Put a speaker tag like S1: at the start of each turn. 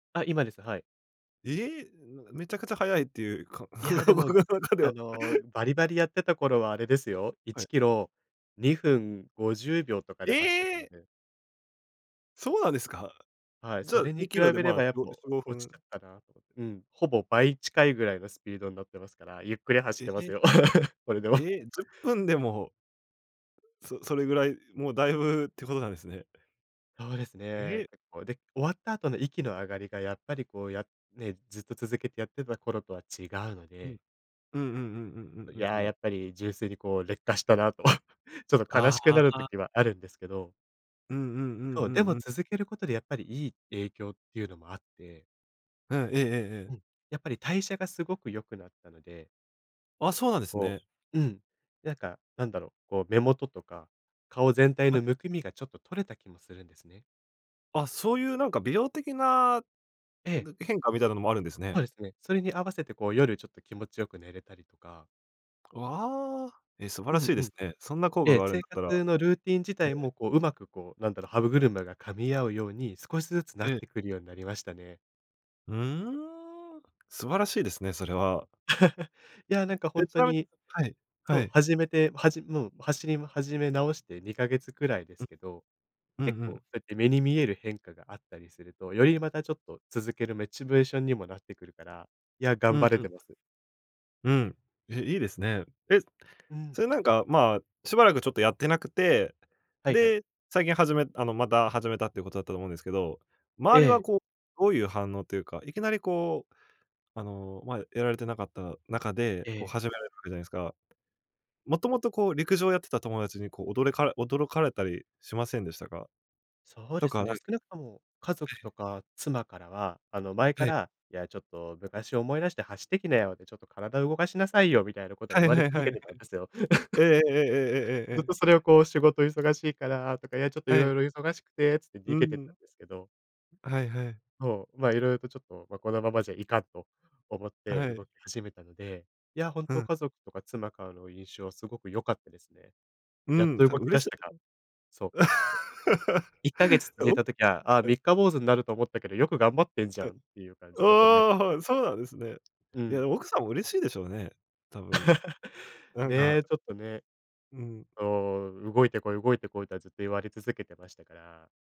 S1: あ、今です、はい。
S2: ええ、めめちゃくちゃ早いって言う、か、
S1: いや、で も、
S2: 僕の中で
S1: あ
S2: は。
S1: の、バリバリやってた頃はあれですよ、い
S2: は
S1: ち
S2: い。
S1: キロ、2分50秒とかで走ってた
S2: え
S1: の
S2: え。
S1: で
S2: そうなんですか。
S1: はい、
S2: じゃ
S1: そ
S2: あ、
S1: れに
S2: に
S1: 比
S2: キロで、
S1: べれ
S2: まあ、
S1: ば、
S2: し
S1: やっぱ
S2: しごふ
S1: 落ち
S2: ん。
S1: ちゃったなと。うん、ほぼ倍近いぐらいのスピードになってますから、ゆっくり走っ
S2: え、
S1: てます
S2: え。
S1: よ。これでも。
S2: え え、10分でもそ、それぐらい、もう大分って事なんですね。
S1: そうです
S2: え
S1: ね。
S2: え。
S1: 結構。で、終わった後の息の上がりが、やっぱり、こう、やね、ずっと続けてやってた頃とは違うの
S2: うん。
S1: で
S2: うんうんうんうん
S1: い
S2: うんう
S1: や、
S2: んうん。
S1: やっぱり、純粋に、こう、劣化したなと、ちょっと悲
S2: あ
S1: しく
S2: あ、あ
S1: なる
S2: あ。
S1: 時はあるんですけど
S2: うんうんう
S1: そ
S2: ん
S1: う、
S2: う
S1: で
S2: ん
S1: も
S2: うん。
S1: 続けることで、やっぱりいい影響っていうのもあって
S2: うん、えええええ
S1: う
S2: え。
S1: ん、やっぱり代謝がすごく良くなったので
S2: あ、そうなんです
S1: こ
S2: ね。
S1: ううん、なんか、何だろう、こう目元とか、顔全体
S2: はい。
S1: のむくみが、ちょっと取れた気もするんですね。
S2: あ、そう言う美容的な
S1: ええ。
S2: な変化みたいなのもあるんです
S1: そう
S2: ね。
S1: ですね、それに合わせて、こう、夜ちょっと気持ちよく寝れたりとか
S2: わあ、え、素晴
S1: う
S2: らし
S1: ん
S2: い
S1: う
S2: です
S1: ん。
S2: ね。そんな効
S1: え
S2: 果
S1: え、
S2: があるん
S1: 生
S2: だったら
S1: 活のルーティン自
S2: え
S1: 体も、
S2: え。
S1: こう、上手く、こう、何だろう、歯車が噛み合うように、少しずつなっ
S2: ええ。
S1: てくるようになりましたね。
S2: ふーん、素晴らしいですね、それは。
S1: いや、なんか、ほん
S2: ち
S1: と
S2: なみに
S1: に。
S2: はい。
S1: そ
S2: は
S1: う、
S2: い。
S1: 始めて、始もう、走り始め直して2ヶ月くらいで
S2: う
S1: す
S2: ん、
S1: けど、
S2: う
S1: 結
S2: んう
S1: 構そ
S2: ん。
S1: うやって目に見える変化があったりすると、よりまたちょっと続けるモチベーションにもなってくるから、いや、
S2: う
S1: 頑
S2: ん、
S1: 張れ
S2: うん。
S1: てます。
S2: うん、ええ、いいですね。え、
S1: うーん。
S2: それ、なんか、まあ、しばらく、ちょっとやってなくて、
S1: はいはい。
S2: で、最近始めあの、また始めたって言う事だったと思うんですけど、
S1: え
S2: 周りは、
S1: え。
S2: こう、どういう反応と言うか、いきなり、こう、あの、まあ、やられてなかった中で、
S1: え
S2: こう、
S1: え。
S2: 始められるわけじゃないですか。もともと、こう陸上やってた友達に、こう、おどれか驚かれたりしませんでしたか？
S1: そう
S2: と
S1: です
S2: か、
S1: ね、
S2: なん
S1: 少なくとも家族
S2: ええ。
S1: とか、妻からは、あの、前か
S2: はい。
S1: ら、いや、ちょっと昔を思い出して走ってきなよって、ちょっと体を動かしなさいよ、みたいなことは
S2: は
S1: 言
S2: い
S1: われ
S2: はいは
S1: 続
S2: い
S1: け
S2: はい。
S1: てたんですよ。
S2: ええ ええええええええ
S1: ずっ
S2: ええ。
S1: とそれを、こう、「仕事忙しいからとか、いや、ちょっと
S2: は
S1: 色
S2: い。
S1: 々忙しくて」って、つって
S2: う
S1: 逃
S2: ー
S1: げてた
S2: ん。
S1: んですけど
S2: はいはい。
S1: そう、まあ、色々と、ちょっと、まあ、このままじゃいかん、と思って
S2: はい。
S1: 動き始めたので、いやほん
S2: う
S1: と、
S2: ん。
S1: 家族とか妻からの印象は凄く良かったですね。
S2: う
S1: やっ
S2: ーん、
S1: と
S2: た
S1: 動き
S2: 嬉
S1: 出し
S2: し
S1: たか、そう。て 1ヶ月
S2: あ
S1: 続
S2: お
S1: いた時は、ああ、
S2: はい。
S1: 「三日坊主になると思ったけど、よく頑張ってんじゃ
S2: は
S1: ん」
S2: い。
S1: って言う感じ
S2: お
S1: で、褒めた
S2: お、はい、
S1: りと
S2: そう
S1: か
S2: なんですね。
S1: う
S2: い
S1: ん。
S2: や、奥さんも嬉しいでしょうね、多分。なんか
S1: ね、ちょっとね。
S2: うーん。
S1: そう、「動いてこい動いてこい」とは、ずっと言われ続けてましたから